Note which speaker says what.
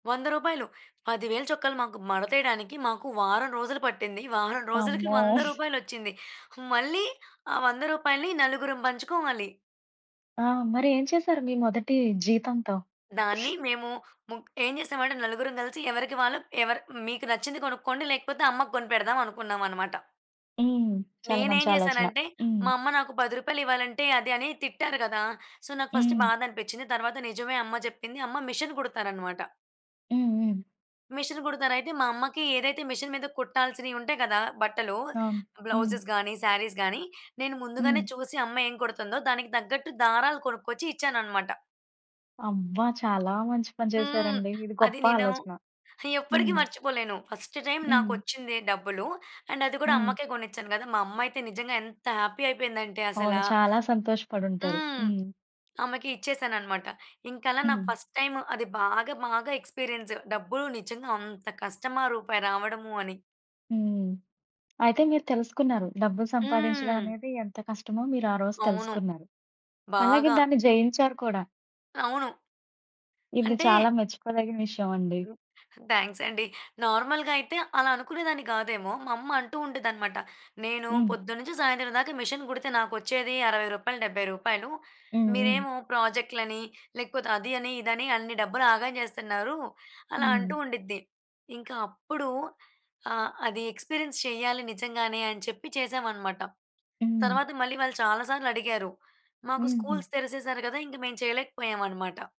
Speaker 1: రూ. 100. 10,000 చొక్కా‌లు మాకు మడతేయడానికి మాకు వారం రోజులు పట్టింది. వారం రోజులకి
Speaker 2: అమ్మో!
Speaker 1: 100 రూపాయలొచ్చింది. మళ్ళీ ఆ 100 రూపాయల్ని నలుగురుం బంచుకోవాలి.
Speaker 2: ఆ! మరి ఏం చేశారు మీ మొదటి జీతంతో?
Speaker 1: దాన్ని మేము ముగ్ ఏం చేసామంటే నలుగురం గలిసి ఎవరికి వాళ్ళు ఎవరు మీకు నచ్చింది కొనుక్కోండి. లేకపోతే, అమ్మకు కొనిపెడదాం అనుకున్నాం అన్నమాట.
Speaker 2: హ్మ్. చాలా
Speaker 1: నేను ఏం
Speaker 2: మంచి ఆలోచన.
Speaker 1: చేశానంటే
Speaker 2: హ్మ్.
Speaker 1: మా అమ్మ నాకు రూ. 10 ఇవ్వాలంటే, అది అని తిట్టారు గదా! సో. నాకు ఫస్ట్
Speaker 2: హ్మ్.
Speaker 1: బాధనిపిచ్చింది. తర్వాత నిజమే అమ్మ జెప్పింది. అమ్మ మిషన్ కుడతారన్నమాట.
Speaker 2: హుహు.
Speaker 1: మిషన్ కుడతారు. అయితే మా అమ్మకి ఏదైతే మిషన్ మీద కుట్టాల్సినియి ఉంటాయి కదా! బట్టలు.
Speaker 2: అవును. హ్మ్.
Speaker 1: బ్లౌ‌జెస్ గానీ, శారీస్ గానీ, నేను ముందుగానే
Speaker 2: హ్మ్.
Speaker 1: చూసి అమ్మ ఏం కుడుతుందో దానికి దగ్గట్టు దారాలు కొనుక్కొచ్చి ఇచ్చానన్నమాట.
Speaker 2: అబ్బా! చాలా మంచి పని
Speaker 1: హ్మ్.
Speaker 2: చేశారండి. ఇది
Speaker 1: అది
Speaker 2: గొప్ప
Speaker 1: నేను
Speaker 2: ఆలోచన.
Speaker 1: ఎప్పటికీ
Speaker 2: హ్మ్.
Speaker 1: మర్చిపోలేను. ఫస్టు టైమ్
Speaker 2: హ్మ్.
Speaker 1: నాకొచ్చిందే డబ్బులు. అండ్ అది గూడా
Speaker 2: హ్మ్.
Speaker 1: అమ్మకే గొనిచ్చాను గదా! మా అమ్మయితే నిజంగా ఎంత హ్యాపీ అయిపోయిందంటే
Speaker 2: అవును.
Speaker 1: అసలా
Speaker 2: చాలా సంతోషపడుంటారు.
Speaker 1: హ్మ్.
Speaker 2: హ్మ్.
Speaker 1: ఆమెకి ఇచ్చేశానన్నమాట. ఇంకలా నాకు
Speaker 2: హ్మ్.
Speaker 1: ఫస్ట్ టైమ్ అది బాగా, మాగా ఎక్స్‌పీరియన్స్. డబ్బులు నిజంగా అంత కష్టమా! రూపాయి రావడము అని?
Speaker 2: హ్మ్. అయితే మీరు తెలుసుకున్నారు. డబ్బులు సంపాదించడం
Speaker 1: హ్మ్.
Speaker 2: అనేది ఎంత కష్టమో? మీరు ఆరోజు
Speaker 1: అవును.
Speaker 2: తెలుసుకున్నారు. అలాగే
Speaker 1: బాగా.
Speaker 2: దాన్ని జయించారు కూడా.
Speaker 1: అవును.
Speaker 2: ఇది
Speaker 1: అంటే
Speaker 2: చాలా మెచ్చుకోదగిన విషయం అండి.
Speaker 1: థ్యాంక్స్ అండి. నార్మల్‌గా అయితే అలా అనుకునేదాన్ని గాదేమో. మమ్మ అంటూ ఉండిద్దన్నమాట. "నేను
Speaker 2: హ్మ్.
Speaker 1: పొద్దున్నుం‌చి సాయంత్రం దాకా ఈ మిషన్ కుడితే నాకొచ్చేది రూ. 60, రూ. 70.
Speaker 2: హుహు.
Speaker 1: మీరేమో ప్రాజెక్టులని లేకపోతే అది అని, ఇదని, అన్ని డబ్బులు ఆగం చేస్తున్నారు" అలా అంటూ
Speaker 2: హ్మ్.
Speaker 1: ఉండిద్ది. ఇంకా అప్పుడు ఆహ్, అది ఎక్స్‌పీరియన్స్ చేయాలి నిజంగానే అని చెప్పి చేశాం అనమాట.
Speaker 2: హ్మ్.
Speaker 1: తర్వాత మళ్ళీ వాళ్ళు చాలా సార్లు అడిగారు. మాకు
Speaker 2: హుహు.
Speaker 1: స్కూల్స్ తెరిసేశారు గదా! ఇంక మేం చేయలేకపోయాం అనమాట.